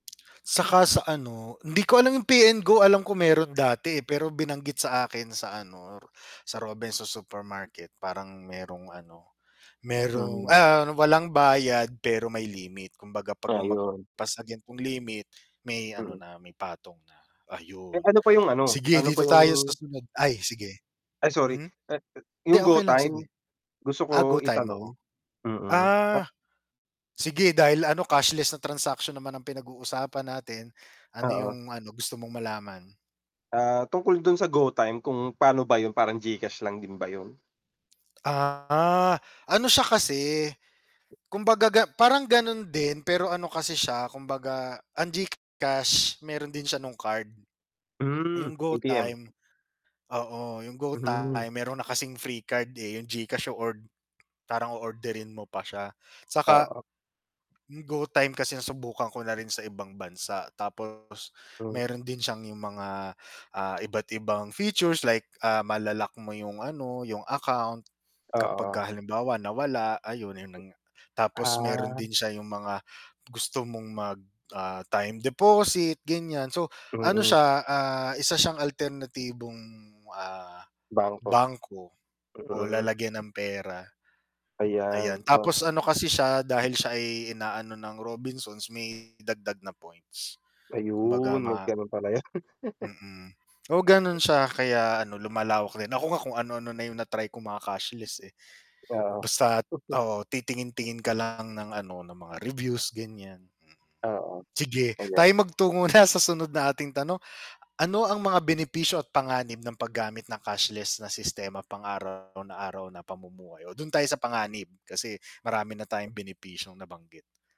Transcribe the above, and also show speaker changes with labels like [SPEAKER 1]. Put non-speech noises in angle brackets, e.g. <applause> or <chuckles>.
[SPEAKER 1] 'Saka sa ano hindi ko alam yung Pay and Go alam ko mayro'n dati, eh, pero binanggit sa akin sa ano ro sa Robinsons Supermarket parang mayrong ano mayrong
[SPEAKER 2] Mhm.
[SPEAKER 1] ah, walang bayad pero may limit, kumbaga 'pag
[SPEAKER 2] Ayun.
[SPEAKER 1] lumagpas sa gan'tong limit <clicks tongue> may ano
[SPEAKER 2] Mm.
[SPEAKER 1] na, may patong na,
[SPEAKER 2] Eh,
[SPEAKER 1] ayun.
[SPEAKER 2] ano pa yung ano,
[SPEAKER 1] Sige
[SPEAKER 2] ano pa
[SPEAKER 1] dito tayo sa
[SPEAKER 2] yung
[SPEAKER 1] sunod ay, sige.
[SPEAKER 2] Ay sorry,
[SPEAKER 1] Hmm,
[SPEAKER 2] at a
[SPEAKER 1] hindi
[SPEAKER 2] yung
[SPEAKER 1] okay lang sige.
[SPEAKER 2] GOtyme, gusto ko
[SPEAKER 1] Ah, GOtyme, oo.
[SPEAKER 2] itanong. Mm.
[SPEAKER 1] Ah, sige dahil ano cashless na transaction naman ang pinag-uusapan natin, ano
[SPEAKER 2] Oo.
[SPEAKER 1] yung ano gusto mong malaman?
[SPEAKER 2] Ah, tungkol do'n sa GOtyme kung pan'o ba 'yun, parang GCash lang din ba 'yun?
[SPEAKER 1] Ah, ano siya kasi, kumbaga ga parang gano'n din pero ano kasi siya kumbaga ang GCash mayro'n din siya nung card.
[SPEAKER 2] Hmm,
[SPEAKER 1] Yung
[SPEAKER 2] ATM.
[SPEAKER 1] GOtyme, oo yung
[SPEAKER 2] Mhm.
[SPEAKER 1] GOtyme mayro'n na kasing free card, eh, yung GCash o-ord parang o-orderin mo pa siya 'tsaka,
[SPEAKER 2] Oo.
[SPEAKER 1] yung GOtyme kasi nasubukan ko na rin sa ibang bansa tapos
[SPEAKER 2] Hmm.
[SPEAKER 1] mayro'n din siyang yung mga, ah, iba't ibang features like, ah, mala-lock mo yung ano, yung account,
[SPEAKER 2] Oo.
[SPEAKER 1] kapagka halimbawa nawala ayun, ayun nanga. Tapos mayro'n
[SPEAKER 2] Ah.
[SPEAKER 1] din siya yung mga gusto mong mag, ah, time deposit gan'yan. So ano
[SPEAKER 2] Mm.
[SPEAKER 1] siya, ah, isa siyang alternatibong, ah,
[SPEAKER 2] Bangko.
[SPEAKER 1] bangko o
[SPEAKER 2] Mm.
[SPEAKER 1] lalagyan ng pera. Ayan,
[SPEAKER 2] Ayan,
[SPEAKER 1] tapos
[SPEAKER 2] oo.
[SPEAKER 1] ano kasi siya dahil siya ay inaano ng Robinsons may dagdag na points.
[SPEAKER 2] Ayun,
[SPEAKER 1] Kumbaga
[SPEAKER 2] may
[SPEAKER 1] ma
[SPEAKER 2] gano'n pala 'yun. <laughs>
[SPEAKER 1] mm, oo gano'n siya kaya ano lumalawak din. Ako nga kung ano-ano na yung na-try ko mga cashless, eh.
[SPEAKER 2] Oo.
[SPEAKER 1] Basta't,
[SPEAKER 2] <chuckles>
[SPEAKER 1] oo titingin-tingin ka lang ng ano ng mga reviews ganiyan, mm.
[SPEAKER 2] Oo,
[SPEAKER 1] Sige,
[SPEAKER 2] ayan.
[SPEAKER 1] tayo'y magtungo na sa sunod nating tanong. Ano ang mga benepisyo at panganib ng paggamit ng cashless na sistema pang-araw na araw na pamumuhay? Oh, do'n tayo sa panganib, kasi marami na tayong benepisyong nabanggit.